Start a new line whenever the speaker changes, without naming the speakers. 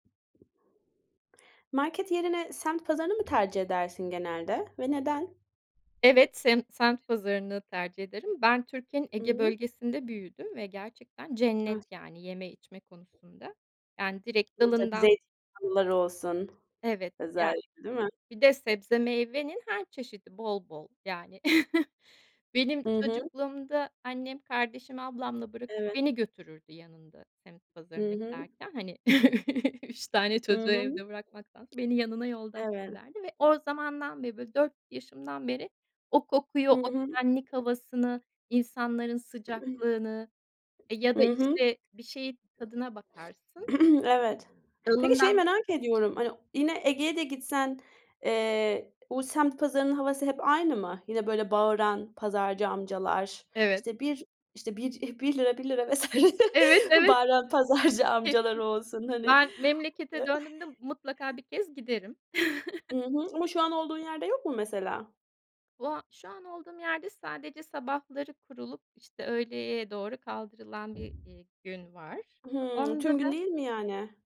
Market yerine, semt pazarını mı tercih edersin genelde ve neden?
Evet, semt semt pazarını tercih ederim. Ben Türkiye'nin Ege
Imm.
Bölgesi'nde büyüdüm ve gerçekten cennet,
Evet.
yani, yeme içme konusunda. Yani, direkt
Burada bir
dalından
zeytin yağlıları olsun,
Evet. Ya,
özellikle, değil mi?
bir de sebze meyvenin her çeşidi bol bol, yani. Benim
Hı hı.
çocukluğumda, annem kardeşimi ablamla bırakıp
Evet.
beni götürürdü yanında, semt
Hı
pazarına
hı.
giderken. Hani, 3 tane
I
çocuğu
hı.
evde bırakmaktansa, beni yanına yoldaş
Evet.
ederdi ve o zamandan beri, böyle, 4 yaşımdan beri o kokuyu,
Hı
o
hı.
güvenlik havasını, insanların sıcaklığını E, ya
I
da
hı.
işte, bir şeyin tadına bakarsın.
Evet. Peki, şeyi
Dalından
merak ediyorum. Hani, yine, Ege'ye de gitsen, eee, o semt pazarının havası hep aynı mı? Yine, böyle, bağıran pazarcı amcalar.
Evet.
İşte, 1, işte, 1, ₺1 ₺1 vs.
Evet, evet.
bağıran pazarcı
Kesin.
amcaları olsun, hani
Ben memlekete döndüğümde, mutlaka 1 kez giderim.
I hı. Ama şu an olduğun yerde yok mu mesela?
O a şu an olduğum yerde sadece sabahları kurulup, işte, öğleye doğru kaldırılan bir, eee, gün var.
Hımm. Tüm
Onda
gün
da
değil mi, yani?